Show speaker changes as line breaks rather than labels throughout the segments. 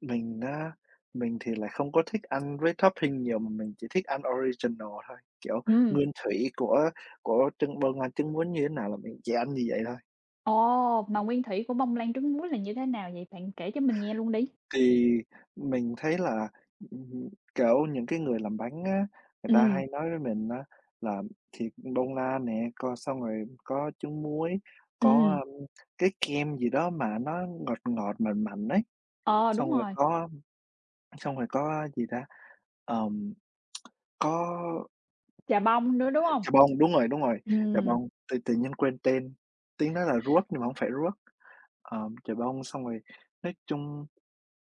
Mình đã mình thì lại không có thích ăn với topping nhiều mà mình chỉ thích ăn original thôi, kiểu,
Ừm.
nguyên thủy của của trứng bông lan trứng muốn như thế nào là mình chỉ ăn như vậy thôi.
Ồ! Mà nguyên thủy của bông lan trứng muối là như thế nào vậy? Bạn kể cho mình nghe luôn đi.
Thì mình thấy là ừm hưm, kiểu, những cái người làm bánh á, người ta
Ừm.
hay nói với mình á, làm thịt bông lan nè, coi xong rồi có trứng muối, có,
Ừm.
ờm, cái kem gì đó mà nó ngọt ngọt, mặn mặn, ấy,
Ờ,
xong
đúng
rồi
rồi.
có xong rồi có á, gì ta, ờm, có
Chà bông nữa, đúng
h
hông?
chà bông đúng rồi, đúng rồi, chà
Ừm.
bông tự tự nhiên quên tên. Tiếng đó là ruốc nhưng mà hổng phải ruốc ờm, chà bông xong rồi nói chung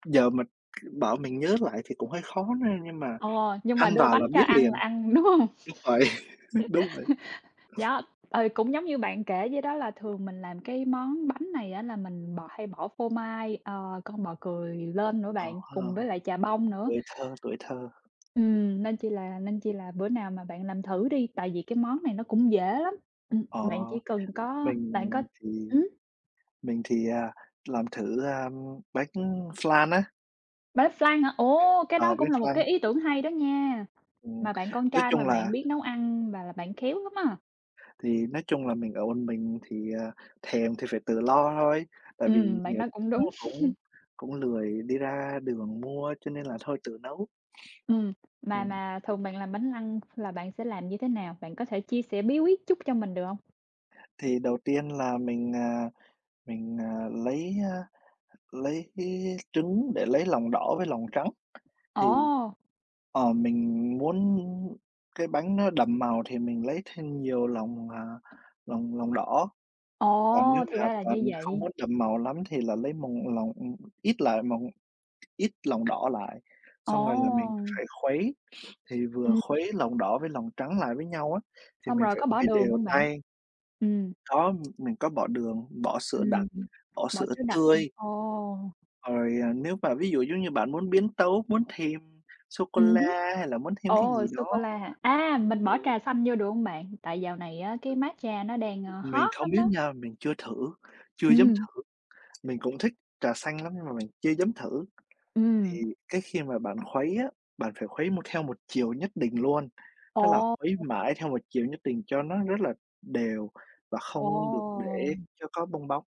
giờ mình, k bảo mình nhớ lại thì cũng hơi khó n nhưng mà
Ờ, nhưng mà
ăn
đưa
vào là
bánh cho
biết
ăn là
liền
ăn đúng hông?
đúng vậy, đúng vậy.
Yeah! Ừ, cũng giống như bạn kể vậy đó là thường mình làm cái món bánh này á, là mình bò hay bỏ phô mai, ờ, con bò cười lên nữa
Ờ
bạn,
ha
cùng với lại chà bông nữa
tuổi thơ, tuổi thơ.
ừm, nên chi là nên chi là bữa nào mà bạn làm thử đi tại vì cái món này nó cũng dễ lắm ừm,
Ờ,
bạn chỉ cần có bạn
mình
có
thì
ừm.
mình thì, à, làm thử, ơm, bánh flan á.
Bánh flan hả? Ô! Cái
Ờ,
đó
biết
cũng là một
flan.
cái ý tưởng hay đó nha!
Ừm.
Mà bạn con
Nói
trai mà
chung là
bạn biết nấu ăn và là bạn khéo lắm á.
thì nói chung là mình ở một mình thì, ờ, thèm thì phải tự lo thôi tại vì
Ừm, bạn
nhiều
nói cũng
nó
đúng.
cũng cũng lười đi ra đường mua cho nên là thôi tự nấu.
Ừm, mà
Ừm.
mà thường bạn làm bánh flan là bạn sẽ làm như thế nào? Bạn có thể chia sẻ bí quyết chút cho mình được hông?
Thì đầu tiên là mình, à, mình, à, lấy, á, lấy cái trứng để lấy lòng đỏ với lòng trắng, thì
Ồ!
ờ mình muốn cái bánh nó đậm màu thì mình lấy thêm nhiều lòng, à, lòng lòng đỏ còn nếu
Ồ! Thì
mà
ra là
còn
như
không
vậy.
muốn đậm màu lắm thì là lấy mòng lòng, ừm, ít lại mòng ít lòng đỏ lại xong rồi là mình
Ồ!
phải khuấy. Thì vừa
Ừm.
khuấy lòng đỏ với lòng trắng lại với nhau á, thì
Xong
mình
rồi
phải
có bỏ
khuấy
đường
đều
hông bạn?
tay
Ừm.
Có, ừm, mình có bỏ đường, bỏ sữa đặc,
Ừm hưm
bỏ
bỏ
sữa
sữa đặc hưm
tươi
ồ!
rồi, à, nếu mà ví dụ, giống như bạn muốn biến tấu, muốn thêm
Ừm hứm
sô-cô-la hay là muốn thêm cái
ồ!
gì đó
Sô-cô-la hả? A! Mình bỏ
ừm.
trà xanh vô được hông bạn? Tại dạo này á, cái matcha nó đang,
Ừm,
a,
mình
hot
không
lắm
biết
đó.
nha, mình chưa thử, chưa dám
Ừm.
thử. Mình cũng thích trà xanh lắm nhưng mà mình chưa dám thử. Thì
Ừm.
cái khi mà bạn khuấy á, bạn phải khuấy một theo một chiều nhất định luôn, tức là
Ồ! [unintelligible]
khuấy mãi theo một chiều nhất định cho nó rất là đều và
Ồ!
không được để cho có bong bóng.